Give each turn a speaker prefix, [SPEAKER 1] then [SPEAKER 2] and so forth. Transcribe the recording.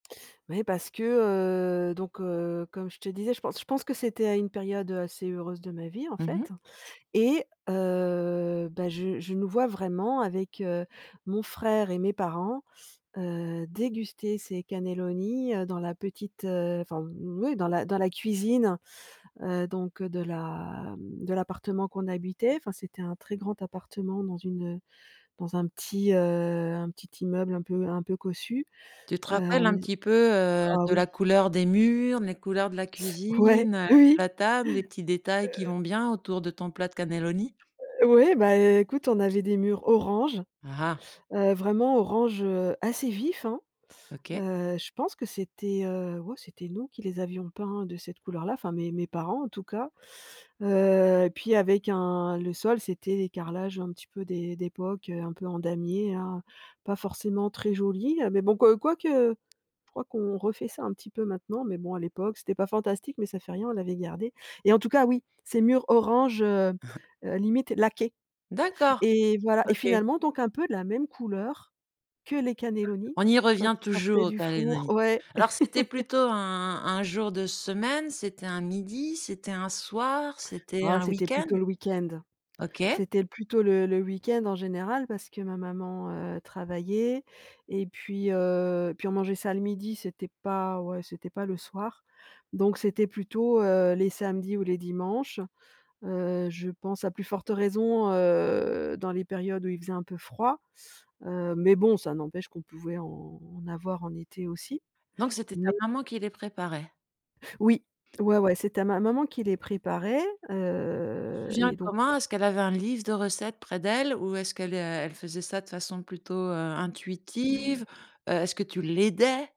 [SPEAKER 1] Ouais parce que, heu, donc heu, comme je te disais, je pense je pense que c'était à une période, heu, assez heureuse de ma vie en
[SPEAKER 2] Mmh
[SPEAKER 1] fait
[SPEAKER 2] mh.
[SPEAKER 1] et heu, bah je je nous vois vraiment avec, heu, mon frère et mes parents, heu, déguster ces cannelloni, heu, dans la petite, heu enfin, oui dans la dans la cuisine, heu, donc heu, de la m de l'appartement qu'on habitait. Enfin c'était un très grand appartement dans une, heu, dans un petit, heu, un petit immeuble un peu un peu cossu.
[SPEAKER 2] Tu te
[SPEAKER 1] Heu,
[SPEAKER 2] rappelles
[SPEAKER 1] on
[SPEAKER 2] un
[SPEAKER 1] n
[SPEAKER 2] petit peu, heu,
[SPEAKER 1] ah
[SPEAKER 2] de
[SPEAKER 1] oui!
[SPEAKER 2] la couleur des murs, les couleurs de la
[SPEAKER 1] Ouais,
[SPEAKER 2] cuisine, heu,
[SPEAKER 1] oui,
[SPEAKER 2] la table, les petits détails,
[SPEAKER 1] heu
[SPEAKER 2] qui vont bien autour de ton plat de cannelloni?
[SPEAKER 1] O ouais bah, écoute on avait des murs orange,
[SPEAKER 2] Ah ah!
[SPEAKER 1] heu, vraiment orange, heu, assez vif, hein.
[SPEAKER 2] OK.
[SPEAKER 1] Heu, je pense que c'était, heu, ouais, c'était nous qui les avions peints de cette couleur-là, enfin mes mes parents en tout cas. Heu, et puis avec un le sol c'était les carrelages un petit peu d'é d'époque, heu, un peu en damier, hein, pas forcément très jolis. Heu, mais bon, que quoique je crois qu'on refait ça un petit peu maintenant, mais bon, à l'époque, c'était pas fantastique, mais ça fait rien, on l'avait gardé et en tout cas, oui, ces murs orange, heu heu, limite laqués
[SPEAKER 2] D'accord.
[SPEAKER 1] et voilà et
[SPEAKER 2] OK.
[SPEAKER 1] finalement, donc un peu de la même couleur que les cannellonis
[SPEAKER 2] On y
[SPEAKER 1] quand
[SPEAKER 2] revient
[SPEAKER 1] ils sortaient
[SPEAKER 2] toujours aux
[SPEAKER 1] du four.
[SPEAKER 2] cannelloni.
[SPEAKER 1] Ouais.
[SPEAKER 2] Alors, c'était plutôt un un jour de semaine? C'était un midi? C'était un soir? C'était
[SPEAKER 1] Oh,
[SPEAKER 2] un
[SPEAKER 1] c'était
[SPEAKER 2] week-end?
[SPEAKER 1] plutôt le week-end.
[SPEAKER 2] OK.
[SPEAKER 1] C'était plutôt le le week-end, en général, parce que ma maman, heu, travaillait, et puis, heu, puis on mangeait ça le midi. C'était pas ouais, c'était pas le soir, donc c'était plutôt, heu, les samedis ou les dimanches. Heu, je pense, à plus forte raison, heu, dans les périodes où il faisait un peu froid. Heu, mais bon, ça n'empêche qu'on pouvait en avoir en été aussi,
[SPEAKER 2] Donc c'était ta
[SPEAKER 1] mais
[SPEAKER 2] maman qui les préparait?
[SPEAKER 1] Oui. Ouais, ouais, c'était à ma maman qui les préparait.
[SPEAKER 2] Tu te
[SPEAKER 1] Heu,
[SPEAKER 2] souviens
[SPEAKER 1] et donc
[SPEAKER 2] comment? Est-ce qu'elle avait un livre de recettes près d'elle, ou est-ce qu'elle, heu, elle faisait ça de façon plutôt, heu, intuitive? Heu, est-ce que tu l'aidais?